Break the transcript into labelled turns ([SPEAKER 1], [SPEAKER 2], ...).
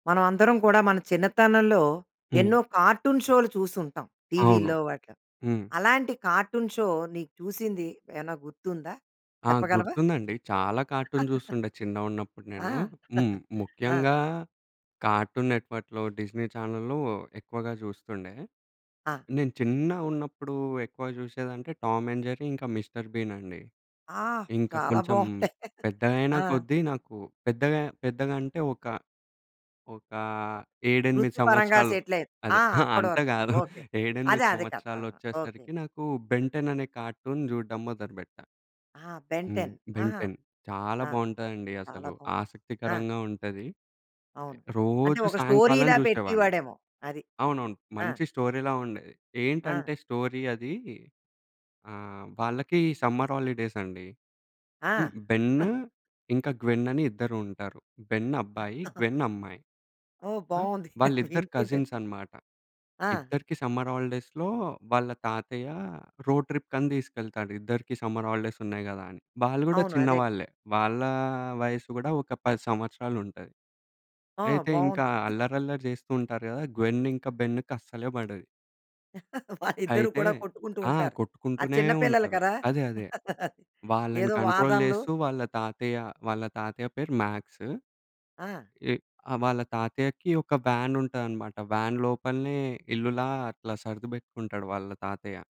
[SPEAKER 1] మనం అందరం కూడా మన చిన్నతనంలో
[SPEAKER 2] హ్మ్.
[SPEAKER 1] ఎన్నో కార్టూన్ షోలు చూసి ఉంటాం.
[SPEAKER 2] అవును.
[SPEAKER 1] టీవీ‌లో వాటిలో
[SPEAKER 2] హ్మ్.
[SPEAKER 1] అలాంటి కార్టూన్ షో నీకు చూసింది ఏమైనా గుర్తుందా?
[SPEAKER 2] ఆ!
[SPEAKER 1] చెప్పగలవా?
[SPEAKER 2] గుర్తుందండి. చాలా కార్టూన్ చూస్తుండే చిన్నగున్నప్పుడు నేను.
[SPEAKER 1] ఆ!
[SPEAKER 2] హ్మ్.
[SPEAKER 1] ఆ!
[SPEAKER 2] ముఖ్యంగా కార్టూన్ నెట్ వర్క్‌లో డిస్ని ఛానల్‌లు ఎక్కువగా చూస్తుండే.
[SPEAKER 1] ఆ!
[SPEAKER 2] నేను చిన్నగున్నప్పుడు ఎక్కువ చూసేది అంటే టామ్ అండ్ జెర్రీ ఇంకా మిస్టర్ బీన్ అండి.
[SPEAKER 1] ఆ!
[SPEAKER 2] ఇంకా
[SPEAKER 1] చాలా
[SPEAKER 2] కొంచెం
[SPEAKER 1] బావుంటాయి.
[SPEAKER 2] పెద్దగైన
[SPEAKER 1] ఆ!
[SPEAKER 2] కొద్దీ నాకు పెద్దగా పెద్దగా అంటే ఒక ఒక 7, 8
[SPEAKER 1] వృత్తి పరంగా
[SPEAKER 2] సంవత్సరాలు
[SPEAKER 1] సెటిల్ అయింది.
[SPEAKER 2] అదే.
[SPEAKER 1] ఆ!
[SPEAKER 2] ఆహ!
[SPEAKER 1] అప్పటి
[SPEAKER 2] అంత
[SPEAKER 1] వరకు
[SPEAKER 2] కాదు
[SPEAKER 1] ఓకే.
[SPEAKER 2] 7, 8
[SPEAKER 1] అదే అదే కాదు ఆహా! ఓకే.
[SPEAKER 2] సంవత్సరాలోచ్చేసరికి, నాకు బెన్ టెన్ అనే కార్టూన్ చూడడం మొదలు పెట్టా.
[SPEAKER 1] ఆహా! బెన్
[SPEAKER 2] హ్మ్.
[SPEAKER 1] టెన్.
[SPEAKER 2] బెన్
[SPEAKER 1] ఆహా!
[SPEAKER 2] టెన్ చాలా
[SPEAKER 1] ఆ!
[SPEAKER 2] బావుంటదండి.
[SPEAKER 1] చాలా
[SPEAKER 2] అసలు
[SPEAKER 1] బావుంటుంది. ఆ!
[SPEAKER 2] ఆసక్తికరంగా ఉంటది.
[SPEAKER 1] అవును. అంటే
[SPEAKER 2] రోజు
[SPEAKER 1] ఒక
[SPEAKER 2] సాయంకాలం
[SPEAKER 1] స్టోరీలా
[SPEAKER 2] చూసేవాడిని.
[SPEAKER 1] పెట్టేవాడేమో. అది.
[SPEAKER 2] అవునవును.
[SPEAKER 1] ఆ!
[SPEAKER 2] మంచి స్టోరీ‌లా ఉండేది.
[SPEAKER 1] ఆ!
[SPEAKER 2] ఏంటంటే స్టోరీ అది. ఆహ్, వాళ్ళకి సమ్మర్ హాలిడేస్ అండి.
[SPEAKER 1] ఆ!
[SPEAKER 2] బెన్ ఇంకా గ్వెన్ అని ఇద్దరు ఉంటారు. బెన్ అబ్బాయి, గ్వెన్ అమ్మాయి.
[SPEAKER 1] ఓహ్!
[SPEAKER 2] ఆ!
[SPEAKER 1] బావుంది
[SPEAKER 2] వాళ్ళిద్దరు
[SPEAKER 1] వింటుంటే.
[SPEAKER 2] కజిన్స్ అన్నమాట.
[SPEAKER 1] ఆ!
[SPEAKER 2] ఇద్దరికీ సమ్మర్ హాలిడేస్‌లో వాళ్ళ తాతయ్య రోడ్ ట్రిప్ కని తీసుకెళ్తాడు. ఇద్దరికీ సమ్మర్ హాలిడేస్ ఉన్నాయి కదా! అని వాళ్ళు కూడా
[SPEAKER 1] అవును. అదే కదా!
[SPEAKER 2] చిన్నవాళ్ళే. వాళ్ళ వయసు కూడా ఒక 10 సంవత్సరాలు ఉంటది.
[SPEAKER 1] ఆ!
[SPEAKER 2] అయితే ఇంకా
[SPEAKER 1] బాగుంది.
[SPEAKER 2] అల్లరి అల్లరి చేస్తూ ఉంటారు కదా! గ్వెన్ ఇంకా బెన్ కసలే పడది.
[SPEAKER 1] వాళ్ళు ఇద్దరు
[SPEAKER 2] అయితే
[SPEAKER 1] కూడా కొట్టుకుంటూ
[SPEAKER 2] ఆ!
[SPEAKER 1] ఉంటారు. ఆ!
[SPEAKER 2] కొట్టుకుంటూనే
[SPEAKER 1] చిన్న పిల్లలు
[SPEAKER 2] ఉంటారు.
[SPEAKER 1] కదా!
[SPEAKER 2] అదే. అదే. వాళ్ళని
[SPEAKER 1] ఏదో
[SPEAKER 2] కంట్రోల్
[SPEAKER 1] వాదనలు.
[SPEAKER 2] చేస్తూ వాళ్ళ తాతయ్య, వాళ్ళ తాతయ్య పేరు మాక్స్.
[SPEAKER 1] ఆ!
[SPEAKER 2] ఎ ఆ! వాళ్ళ తాతయ్యకి ఒక వ్యాన్ ఉంటదనమాట. వ్యాన్ లోపలనే ఇల్లులా అట్లా సర్ది పెట్టుకుంటాడు వాళ్ళ తాతయ్య.